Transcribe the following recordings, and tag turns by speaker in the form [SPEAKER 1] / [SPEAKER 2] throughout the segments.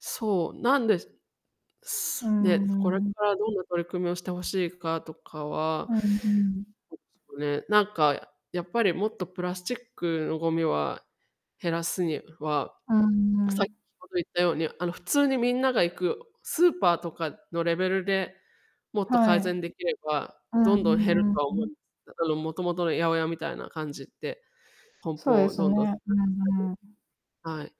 [SPEAKER 1] そうなんです。
[SPEAKER 2] うー
[SPEAKER 1] で、これ
[SPEAKER 2] ん。
[SPEAKER 1] からどんな取り組みをしてほしいかとかは
[SPEAKER 2] うんうん。
[SPEAKER 1] そですね。なんか、やっぱりもっとプラスチックのごみは、減らすには、
[SPEAKER 2] うー
[SPEAKER 1] 先
[SPEAKER 2] ん。
[SPEAKER 1] ほど言ったように、あの普通にみんなが行くスーパーとかのレベルで、もっと
[SPEAKER 2] は
[SPEAKER 1] 改善
[SPEAKER 2] い。
[SPEAKER 1] できれば、
[SPEAKER 2] うん
[SPEAKER 1] ど
[SPEAKER 2] う
[SPEAKER 1] んどん減る
[SPEAKER 2] んうん
[SPEAKER 1] とは
[SPEAKER 2] う
[SPEAKER 1] 思い
[SPEAKER 2] ん。
[SPEAKER 1] まあのもともとの八百屋みたいな感じで、梱
[SPEAKER 2] そう
[SPEAKER 1] 包
[SPEAKER 2] で
[SPEAKER 1] を
[SPEAKER 2] す
[SPEAKER 1] どんどん。
[SPEAKER 2] ね。うんうん。
[SPEAKER 1] はい。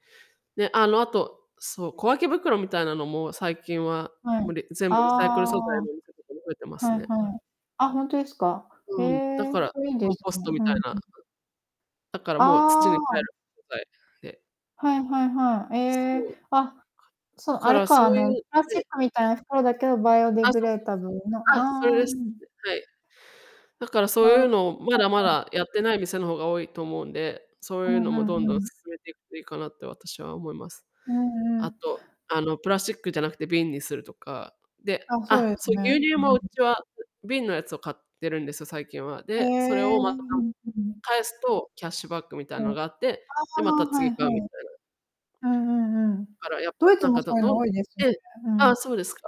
[SPEAKER 1] で、あのあと、そう、小分け袋みたいなのも、最近は
[SPEAKER 2] はい、
[SPEAKER 1] も全部リサイクル
[SPEAKER 2] あ
[SPEAKER 1] 素材
[SPEAKER 2] あ、
[SPEAKER 1] のお店とかも増えてます
[SPEAKER 2] はい
[SPEAKER 1] ね。う
[SPEAKER 2] は
[SPEAKER 1] ん。
[SPEAKER 2] い、あ、ほんとですか。へ
[SPEAKER 1] うん、だ
[SPEAKER 2] え、
[SPEAKER 1] から
[SPEAKER 2] それいいんで
[SPEAKER 1] コン
[SPEAKER 2] す
[SPEAKER 1] ポス
[SPEAKER 2] ね、
[SPEAKER 1] トみた
[SPEAKER 2] は
[SPEAKER 1] い
[SPEAKER 2] い、
[SPEAKER 1] な
[SPEAKER 2] うん。
[SPEAKER 1] だからもう土
[SPEAKER 2] あ
[SPEAKER 1] に帰る。
[SPEAKER 2] あ。
[SPEAKER 1] で。
[SPEAKER 2] はいはいはい、え
[SPEAKER 1] そう。
[SPEAKER 2] え、あ、
[SPEAKER 1] だ
[SPEAKER 2] そう、あ
[SPEAKER 1] か
[SPEAKER 2] れ
[SPEAKER 1] らそ
[SPEAKER 2] かあ
[SPEAKER 1] う
[SPEAKER 2] の、
[SPEAKER 1] い
[SPEAKER 2] プ
[SPEAKER 1] う
[SPEAKER 2] ラ スチッ
[SPEAKER 1] で。
[SPEAKER 2] クみたいな袋だけど、バイオディ
[SPEAKER 1] あ、
[SPEAKER 2] グ
[SPEAKER 1] そう
[SPEAKER 2] レー
[SPEAKER 1] そう
[SPEAKER 2] ダブ
[SPEAKER 1] そう。
[SPEAKER 2] ルの、
[SPEAKER 1] あ、それ
[SPEAKER 2] あ
[SPEAKER 1] です。
[SPEAKER 2] あ。
[SPEAKER 1] はい。だからそうい
[SPEAKER 2] なる
[SPEAKER 1] う
[SPEAKER 2] ほ
[SPEAKER 1] のをまだま
[SPEAKER 2] うんうん。
[SPEAKER 1] だやってない店の方が多いと思うんで、そういう
[SPEAKER 2] う
[SPEAKER 1] の
[SPEAKER 2] んう
[SPEAKER 1] もど
[SPEAKER 2] ん
[SPEAKER 1] んどん
[SPEAKER 2] うん。
[SPEAKER 1] 進めていくといいかなって私は思います。
[SPEAKER 2] うんう
[SPEAKER 1] あ
[SPEAKER 2] ん。
[SPEAKER 1] と、あのプラスチックじゃなくて瓶にするとか。で、
[SPEAKER 2] あ、そう
[SPEAKER 1] あ、
[SPEAKER 2] です
[SPEAKER 1] そう
[SPEAKER 2] ね、
[SPEAKER 1] 牛乳
[SPEAKER 2] う
[SPEAKER 1] も
[SPEAKER 2] ん。
[SPEAKER 1] うちは瓶のやつを買っているんですよ、最近は。
[SPEAKER 2] へ
[SPEAKER 1] で、それ
[SPEAKER 2] え、
[SPEAKER 1] を
[SPEAKER 2] う
[SPEAKER 1] また、
[SPEAKER 2] んう、うん。
[SPEAKER 1] 返すとキャッシュバックみたいな
[SPEAKER 2] うん。
[SPEAKER 1] の
[SPEAKER 2] あ
[SPEAKER 1] があって、で、また
[SPEAKER 2] あ、は
[SPEAKER 1] 次
[SPEAKER 2] い
[SPEAKER 1] 買うみ
[SPEAKER 2] は
[SPEAKER 1] た
[SPEAKER 2] い。
[SPEAKER 1] いな。
[SPEAKER 2] うんうんうん、
[SPEAKER 1] だからやっぱ
[SPEAKER 2] ドイツ
[SPEAKER 1] なん
[SPEAKER 2] も
[SPEAKER 1] か、
[SPEAKER 2] そ
[SPEAKER 1] ど
[SPEAKER 2] ういう
[SPEAKER 1] ど
[SPEAKER 2] の
[SPEAKER 1] ん
[SPEAKER 2] 多いですよ
[SPEAKER 1] え
[SPEAKER 2] ね、
[SPEAKER 1] え
[SPEAKER 2] う
[SPEAKER 1] あ
[SPEAKER 2] ん。
[SPEAKER 1] あ、そうですか。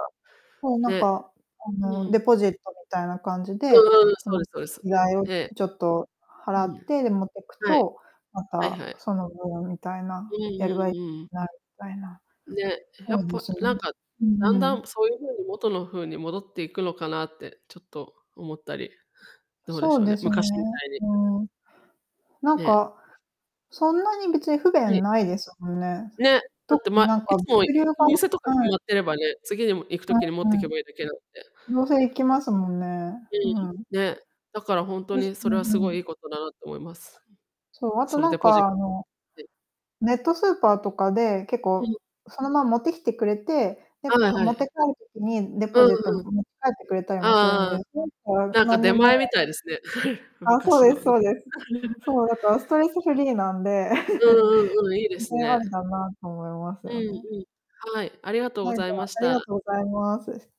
[SPEAKER 2] そうなん
[SPEAKER 1] ね。
[SPEAKER 2] か、あ
[SPEAKER 1] う
[SPEAKER 2] のデ
[SPEAKER 1] ん。
[SPEAKER 2] ポジットみたいな感じで、
[SPEAKER 1] うんうん、
[SPEAKER 2] そ
[SPEAKER 1] そう
[SPEAKER 2] の
[SPEAKER 1] ですそうです。
[SPEAKER 2] 依頼を
[SPEAKER 1] ええ。
[SPEAKER 2] ちょっと
[SPEAKER 1] う
[SPEAKER 2] 払
[SPEAKER 1] ん。
[SPEAKER 2] って、で持ってく
[SPEAKER 1] はい。
[SPEAKER 2] と、ま
[SPEAKER 1] はい
[SPEAKER 2] た
[SPEAKER 1] はい。
[SPEAKER 2] その分みたいな、
[SPEAKER 1] うん うんうん。
[SPEAKER 2] なみたいな
[SPEAKER 1] ね、や
[SPEAKER 2] 多い
[SPEAKER 1] っ
[SPEAKER 2] で
[SPEAKER 1] ぱ
[SPEAKER 2] すね。
[SPEAKER 1] なんか、
[SPEAKER 2] うー
[SPEAKER 1] だんだん
[SPEAKER 2] ん。
[SPEAKER 1] そういう風に元の風に戻っていくのかなってちょっと思ったり。どうでし
[SPEAKER 2] そう
[SPEAKER 1] ょう
[SPEAKER 2] で
[SPEAKER 1] ね、
[SPEAKER 2] すね、
[SPEAKER 1] 昔みたいに。
[SPEAKER 2] うん。なん
[SPEAKER 1] ね。
[SPEAKER 2] か、そんなに別に不
[SPEAKER 1] は
[SPEAKER 2] 便
[SPEAKER 1] い。
[SPEAKER 2] ないですもんね。
[SPEAKER 1] ね。だっ
[SPEAKER 2] と
[SPEAKER 1] て
[SPEAKER 2] に
[SPEAKER 1] ま
[SPEAKER 2] なんか
[SPEAKER 1] い
[SPEAKER 2] 物
[SPEAKER 1] つも行
[SPEAKER 2] 流が
[SPEAKER 1] く店とか
[SPEAKER 2] は
[SPEAKER 1] 決
[SPEAKER 2] い
[SPEAKER 1] まってればね、次に行く時に持
[SPEAKER 2] う
[SPEAKER 1] っ
[SPEAKER 2] ん
[SPEAKER 1] て
[SPEAKER 2] うん。
[SPEAKER 1] けばいいだけだって。
[SPEAKER 2] どうせ行きますもんね、
[SPEAKER 1] う
[SPEAKER 2] う
[SPEAKER 1] ん、
[SPEAKER 2] ん。
[SPEAKER 1] ね。だから本当
[SPEAKER 2] 確
[SPEAKER 1] に
[SPEAKER 2] う
[SPEAKER 1] それはすごい
[SPEAKER 2] ん。
[SPEAKER 1] いいことだなと思います。
[SPEAKER 2] そう、あと
[SPEAKER 1] その
[SPEAKER 2] な
[SPEAKER 1] デ
[SPEAKER 2] ん
[SPEAKER 1] ポジッ
[SPEAKER 2] か
[SPEAKER 1] ト。
[SPEAKER 2] あの ネットスーパーとかで、結
[SPEAKER 1] うん。
[SPEAKER 2] 構、そのまま持ってきてくれて、で、
[SPEAKER 1] はいは
[SPEAKER 2] 持って
[SPEAKER 1] い。
[SPEAKER 2] 帰る時に、デ
[SPEAKER 1] う
[SPEAKER 2] ポ
[SPEAKER 1] ん
[SPEAKER 2] ジット持
[SPEAKER 1] うん。
[SPEAKER 2] ち帰ってくれたり
[SPEAKER 1] あ
[SPEAKER 2] もするん
[SPEAKER 1] あああ。
[SPEAKER 2] で、
[SPEAKER 1] なんか出
[SPEAKER 2] 何も
[SPEAKER 1] 前みたいですね。
[SPEAKER 2] あ、そう
[SPEAKER 1] 昔
[SPEAKER 2] で
[SPEAKER 1] の。
[SPEAKER 2] すそうです。そうだからスト レスフリーなんで で、
[SPEAKER 1] うんうんうん、いいです
[SPEAKER 2] あ
[SPEAKER 1] ね。
[SPEAKER 2] りだなと思います
[SPEAKER 1] うん
[SPEAKER 2] よね。
[SPEAKER 1] うん。はい。ありがとうご
[SPEAKER 2] はい、
[SPEAKER 1] ざ
[SPEAKER 2] じ
[SPEAKER 1] い
[SPEAKER 2] ゃ
[SPEAKER 1] ま
[SPEAKER 2] あ、
[SPEAKER 1] し
[SPEAKER 2] ありが
[SPEAKER 1] た。
[SPEAKER 2] とうございます。